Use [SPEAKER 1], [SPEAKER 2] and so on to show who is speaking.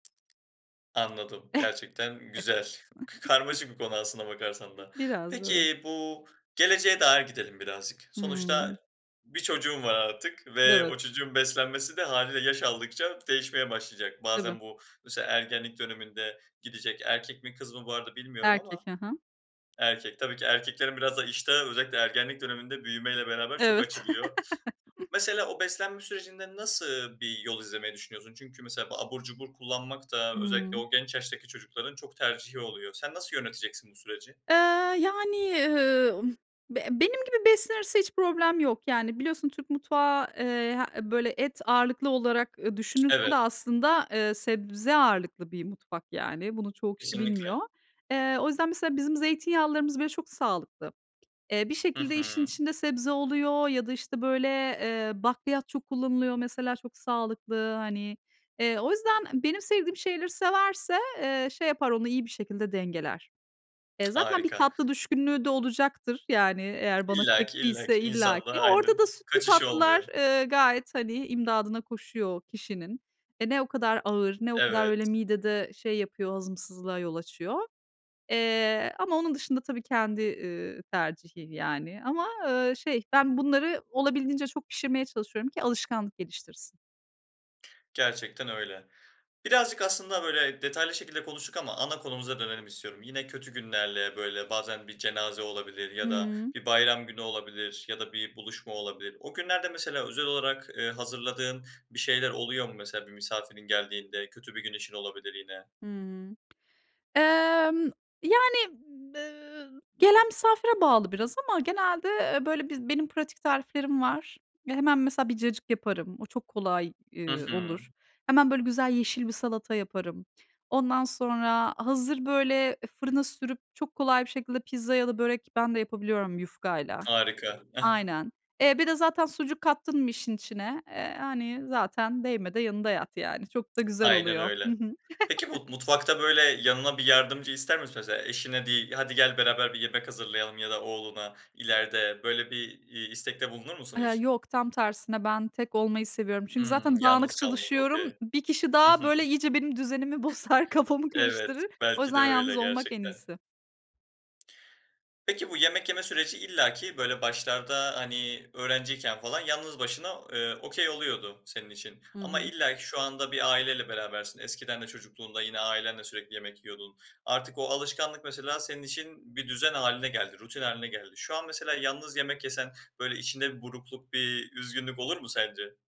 [SPEAKER 1] Anladım, gerçekten güzel. Karmaşık bir konu aslına bakarsan da.
[SPEAKER 2] Biraz. Evet.
[SPEAKER 1] Peki, bu geleceğe dair gidelim birazcık.
[SPEAKER 2] Hıı.
[SPEAKER 1] Sonuçta bir çocuğun var artık ve
[SPEAKER 2] Evet.
[SPEAKER 1] o çocuğun beslenmesi de hâliyle yaş aldıkça değişmeye başlayacak.
[SPEAKER 2] Tabii.
[SPEAKER 1] Bazen bu, mesela ergenlik döneminde gidecek erkek mi, kız mı bu arada bilmiyorum
[SPEAKER 2] Erkek,
[SPEAKER 1] ama
[SPEAKER 2] hı hı.
[SPEAKER 1] Erkek. Tabii ki erkeklerin biraz da iştahı özellikle ergenlik döneminde büyümeyle beraber çok
[SPEAKER 2] Evet.
[SPEAKER 1] açılıyor. Mesela, o beslenme sürecinde nasıl bir yol izlemeyi düşünüyorsun? Çünkü mesela bu abur cubur kullanmak da özellikle
[SPEAKER 2] Hıı.
[SPEAKER 1] o genç yaştaki çocukların çok tercihi oluyor. Sen nasıl yöneteceksin bu süreci?
[SPEAKER 2] Eee, yani, ııı, be benim gibi beslenirse hiç problem yok. Yani, biliyorsun Türk mutfağı, eee, h böyle, et ağırlıklı olarak, ııı, düşünülse
[SPEAKER 1] Evet.
[SPEAKER 2] de aslında, ııı, sebze ağırlıklı bir mutfak, yani. Bunu çoğu kişi bilmiyor.
[SPEAKER 1] Kesinlikle.
[SPEAKER 2] Eee, o yüzden, mesela, bizim zeytinyağlılarımız bile çok sağlıklı. Eee, bir
[SPEAKER 1] Hı
[SPEAKER 2] şekilde işin
[SPEAKER 1] hı.
[SPEAKER 2] içinde sebze oluyor ya da, işte, böyle, eee, bakliyat çok kullanılıyor mesela çok sağlıklı, hani. Eee, o yüzden benim sevdiğim şeyleri severse, eee, şey yapar, onu iyi bir şekilde dengeler. E, zaten bir
[SPEAKER 1] Harika.
[SPEAKER 2] tatlı düşkünlüğü de olacaktır, yani, eğer bana
[SPEAKER 1] İllaki,
[SPEAKER 2] çektiyse,
[SPEAKER 1] illaki insanda
[SPEAKER 2] illaki. Orada
[SPEAKER 1] Aynen,
[SPEAKER 2] da sütlü
[SPEAKER 1] kaçış
[SPEAKER 2] tatlılar,
[SPEAKER 1] olmuyor.
[SPEAKER 2] ııı, gayet, hani, imdadına koşuyor kişinin. E, ne o kadar ağır, ne o kadar öyle
[SPEAKER 1] Evet.
[SPEAKER 2] midede şey yapıyor, hazımsızlığa yol açıyor. Eee, ama onun dışında tabii kendi, ııı, tercihi, yani. Ama, ııı, şey ben bunları olabildiğince çok pişirmeye çalışıyorum ki alışkanlık geliştirsin.
[SPEAKER 1] Gerçekten öyle. Birazcık aslında, böyle, detaylı şekilde konuştuk ama ana konumuza dönelim istiyorum. Yine kötü günlerle, böyle, bazen bir cenaze olabilir ya da
[SPEAKER 2] Hıı.
[SPEAKER 1] bir bayram günü olabilir ya da bir buluşma olabilir. O günlerde, mesela, özel olarak, ııı, hazırladığın bir şeyler oluyor mu? Mesela, bir misafirin geldiğinde kötü bir gün için olabilir yine.
[SPEAKER 2] Hmm. Emm, yani, ııı, gelen misafire bağlı biraz ama genelde, ııı, böyle, bi benim pratik tariflerim var. Ve hemen, mesela, bir cacık yaparım, o çok kolay,
[SPEAKER 1] Hı
[SPEAKER 2] ııı,
[SPEAKER 1] hı.
[SPEAKER 2] olur. Hemen, böyle, güzel yeşil bir salata yaparım. Ondan sonra hazır, böyle, fırına sürüp çok kolay bir şekilde pizza ya da börek; ben de yapabiliyorum yufkayla
[SPEAKER 1] Harika, eh.
[SPEAKER 2] Aynen. Eee, bir de zaten sucuk kattın mı işin içine? Eee, hani, zaten değme de yanında yat, yani. Çok da güzel
[SPEAKER 1] Aynen
[SPEAKER 2] oluyor Hı
[SPEAKER 1] öyle.
[SPEAKER 2] hı.
[SPEAKER 1] Peki, bu mutfakta, böyle, yanına bir yardımcı ister misin? Mesela eşine deyip, "Hadi gel, beraber bir yemek hazırlayalım." ya da oğluna ileride, böyle, bir, iii, istekte bulunur musun
[SPEAKER 2] Aaa,
[SPEAKER 1] hiç?
[SPEAKER 2] yok tam tersine ben tek olmayı seviyorum. Çünkü
[SPEAKER 1] Hımm,
[SPEAKER 2] zaten dağınık
[SPEAKER 1] yalnız kalmak
[SPEAKER 2] çalışıyorum.
[SPEAKER 1] okey.
[SPEAKER 2] 1 kişi
[SPEAKER 1] Hı
[SPEAKER 2] daha,
[SPEAKER 1] hı.
[SPEAKER 2] böyle, iyice benim düzenimi bozar, kafamı
[SPEAKER 1] Evet.
[SPEAKER 2] karıştırır. O
[SPEAKER 1] Belki de
[SPEAKER 2] yüzden
[SPEAKER 1] öyle
[SPEAKER 2] yalnız olmak en
[SPEAKER 1] gerçekten.
[SPEAKER 2] iyisi.
[SPEAKER 1] Peki, bu yemek yeme süreci illaki, böyle, başlarda, hani, öğrenciyken falan yalnız başına, ııı, okay oluyordu senin için
[SPEAKER 2] Hı
[SPEAKER 1] ama
[SPEAKER 2] hı.
[SPEAKER 1] illaki şu anda bir aileyle berabersin. Eskiden de çocukluğunda yine ailenle sürekli yemek yiyordun. Artık o alışkanlık mesela senin için bir düzen hâline geldi, rutin hâline geldi. Şu an mesela yalnız yemek yesen, böyle, içinde bir burukluk, bir üzgünlük olur mu sence?